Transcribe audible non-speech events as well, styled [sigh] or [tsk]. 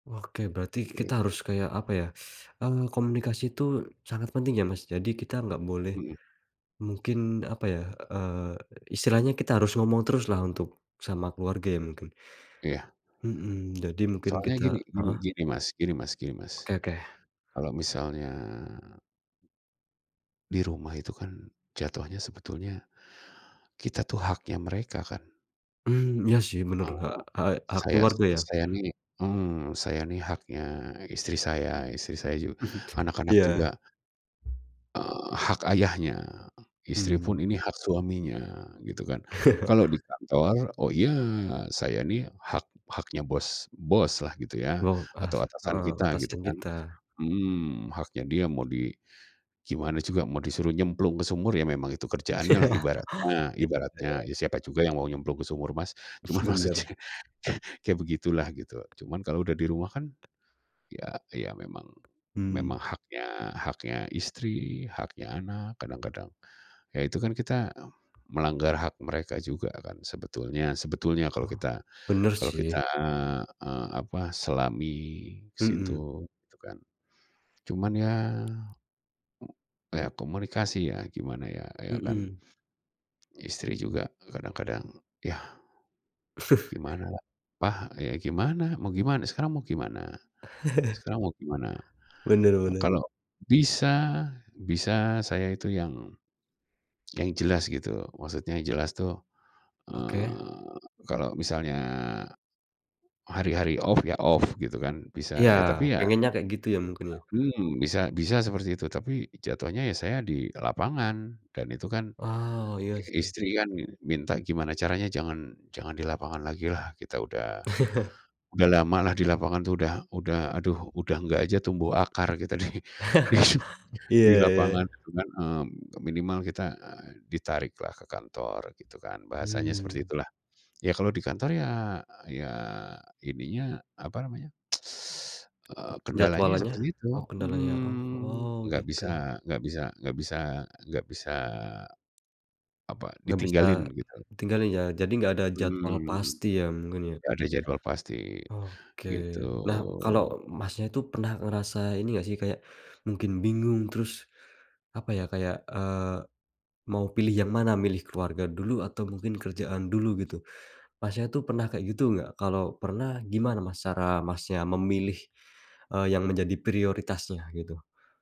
Oke, berarti kita harus kayak apa ya, [sucks teeth] mmm, komunikasi itu sangat penting ya Mas jadi kita gak boleh, Mhm. mungkin apa ya, eee, istilahnya kita harus ngomong teruslah untuk sama keluarga ya mungkin. Iya. Mhm, jadi mungkin Soalnya gini kita gini heeh. gini Mas gini Mas gini Mas, Oke oke. kalau misalnya di rumah itu kan, jatuhnya sebetulnya, kita itu haknya mereka kan? Mmm, ya sih menurut hak Heeh, hak hak saya keluarga ya. saya nih mmm, saya ini haknya istri saya istri saya ju [chuckles] anak-anak Iya. juga eee, hak ayahnya istri Mmm. pun ini hak suaminya gitu kan. Kalau di [chuckles] kantor oh iya saya ini hak haknya bos boslah gitu ya Loh as atau atasan heeh, kita gitu atasan kan kita. mhm, haknya dia mau di gimana juga mau disuruh nyemplung ke sumur ya memang itu [laughs] kerjaannya lah Iya. ibaratnya ibaratnya. Ya siapa juga yang mau nyemplung ke sumur Mas? Cuman maksudnya, Bener. kayak begitulah gitu. Cuman kalau udah di rumah kan, ya ya memang memang Mmm. haknya haknya istri, haknya anak, kadang-kadang, ya itu kan kita, melanggar hak mereka juga kan sebetulnya sebetulnya kalau Oh, kita bener kalau kita, sih. eee, apa selami ke Mhm. situ itu kan. Cuman ya ya komunikasi ya gimana ya, ya kan. Mhm. Istri juga kadang-kadang yah, gimana [chuckles] apa ya gimana? Mau gimana? Sekarang mau gimana? [chuckles] Sekarang mau gimana? Bener bener. Kalau bisa bisa saya itu yang yang jelas gitu maksudnya jelas tuh, Oke. eee, kalau misalnya, hari-hari off ya off gitu kan bisa Iya, ya tapi ya pengennya kayak gitu ya mungkin ya. mmm, bisa bisa seperti itu tapi jatuhnya ya saya di lapangan dan itu kan, Oh, iya sih. istri kan min minta gimana caranya jangan jangan di lapangan lagilah kita udah [chuckles] udah lamalah di lapangan tuh udah udah aduh udah nggak aja tumbuh akar kita di di [laughs] Iya di iya. lapangan gitu kan, mmm, minimal kita ditariklah ke kantor gitu kan bahasanya seperti Mmm. itulah. Ya kalau di kantor ya ya ininya apa namanya, [tsk] [sucks teeth] eee, kendalanya ya Jadwalannya? seperti itu Oh, kendalanya? Oh mhm, oh, enggak gitu. bisa enggak bisa enggak bisa enggak bisa, apa Gak bisa, ditinggalin gitu. tinggalin ya jadi gak ada jadwal Mhm, pasti ya mungkin ya. gak ada jadwal pasti, Oke. Nah, kalo gitu. Masnya itu pernah ngerasa ini gak sih kayak, mungkin bingung terus, apa ya kayak, eee, mau pilih yang mana milih keluarga dulu atau mungkin kerjaan dulu gitu, Masnya tuh pernah kayak gitu gak? Kalau pernah gimana Mas cara Masnya memilih, eee, yang menjadi prioritasnya gitu.